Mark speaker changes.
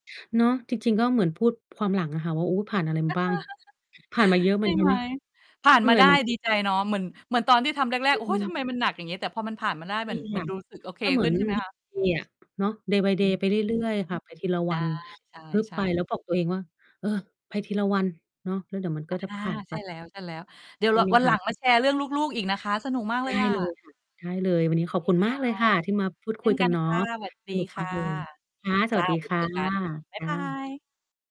Speaker 1: เนาะ จริง ๆ ก็เหมือนพูดความหลังอะค่ะว่า "โอ้ ผ่านอะไรมาบ้าง" ผ่านมาเยอะ
Speaker 2: ใ
Speaker 1: เหม
Speaker 2: ช
Speaker 1: ื
Speaker 2: ่
Speaker 1: อนกั
Speaker 2: ไ
Speaker 1: น
Speaker 2: หม
Speaker 1: นะ
Speaker 2: ผ่าน
Speaker 1: เหนื
Speaker 2: ม
Speaker 1: ่
Speaker 2: า
Speaker 1: อย
Speaker 2: ได้
Speaker 1: เหมือน กั
Speaker 2: ด
Speaker 1: น
Speaker 2: ี
Speaker 1: นะ เ
Speaker 2: ใจ
Speaker 1: หนื่อยเหมือนกัน [unintelligible]
Speaker 2: เนาะ เหมือน เหมือนตอนที่ทำแร
Speaker 1: อ
Speaker 2: ก ๆ "โอ๊ย ทำ
Speaker 1: ืม
Speaker 2: ไมมันหนัก อย่างงี้" แต่พอมันผ่านมาได้
Speaker 1: ใช
Speaker 2: เห
Speaker 1: ่
Speaker 2: มือน เห
Speaker 1: ค
Speaker 2: มือ
Speaker 1: ่ะ
Speaker 2: นรู้สึกโอเค
Speaker 1: มันเหมื
Speaker 2: ข
Speaker 1: อ
Speaker 2: ึ้
Speaker 1: น
Speaker 2: น ใช่
Speaker 1: วี
Speaker 2: ไหมค
Speaker 1: ก
Speaker 2: ะ?
Speaker 1: เดย์ อะ เนาะ day by
Speaker 2: อื
Speaker 1: day
Speaker 2: ม
Speaker 1: ไปเรื่อย ๆ ค่ะไปทีละ
Speaker 2: ได
Speaker 1: ว
Speaker 2: ้
Speaker 1: ัน
Speaker 2: ใ
Speaker 1: ฮึบ
Speaker 2: ช
Speaker 1: ไ
Speaker 2: ่
Speaker 1: ป
Speaker 2: ๆ
Speaker 1: แล้วบอกตัวเองว่า "เออ ไปทีละวัน เนาะ แล้วเดี๋ยวมันก
Speaker 2: อ
Speaker 1: ็
Speaker 2: ะ
Speaker 1: จะ
Speaker 2: ฮ
Speaker 1: ผ
Speaker 2: ะ
Speaker 1: ่านไ
Speaker 2: ใ
Speaker 1: ป"
Speaker 2: ช่แล้ว ๆ เดี๋ยว
Speaker 1: ได
Speaker 2: เ
Speaker 1: ้
Speaker 2: รา
Speaker 1: เลย
Speaker 2: วัน
Speaker 1: ค
Speaker 2: หล
Speaker 1: รั
Speaker 2: ั
Speaker 1: บ
Speaker 2: งมาแชร์เรื่องลูก ๆ อีกนะคะ สนุกมาก
Speaker 1: ไ
Speaker 2: เ
Speaker 1: ด
Speaker 2: ล
Speaker 1: ้
Speaker 2: ยอ
Speaker 1: เล
Speaker 2: ะ
Speaker 1: ย ค่ะ ได้เลย วันนี้ขอบ
Speaker 2: โอ
Speaker 1: คุณ
Speaker 2: เคค
Speaker 1: มากเลยค่ะที่มาพ
Speaker 2: ่
Speaker 1: ู
Speaker 2: ะ
Speaker 1: ด
Speaker 2: เช
Speaker 1: ค
Speaker 2: ่
Speaker 1: ุย
Speaker 2: น
Speaker 1: ก
Speaker 2: ก
Speaker 1: ั
Speaker 2: ั
Speaker 1: น
Speaker 2: น
Speaker 1: เนา
Speaker 2: ค่
Speaker 1: ะ
Speaker 2: ะ สวัสด
Speaker 1: ส
Speaker 2: ี
Speaker 1: นุก
Speaker 2: ค
Speaker 1: มา
Speaker 2: ่
Speaker 1: ก
Speaker 2: ะ
Speaker 1: เลย คะ ส
Speaker 2: จ
Speaker 1: ว
Speaker 2: ้
Speaker 1: ั
Speaker 2: า
Speaker 1: สดี
Speaker 2: เดี๋
Speaker 1: ค
Speaker 2: ยว
Speaker 1: ่
Speaker 2: เจ
Speaker 1: ะ
Speaker 2: อกัน บ๊า
Speaker 1: ค
Speaker 2: ย
Speaker 1: ่
Speaker 2: บา
Speaker 1: ะ
Speaker 2: ย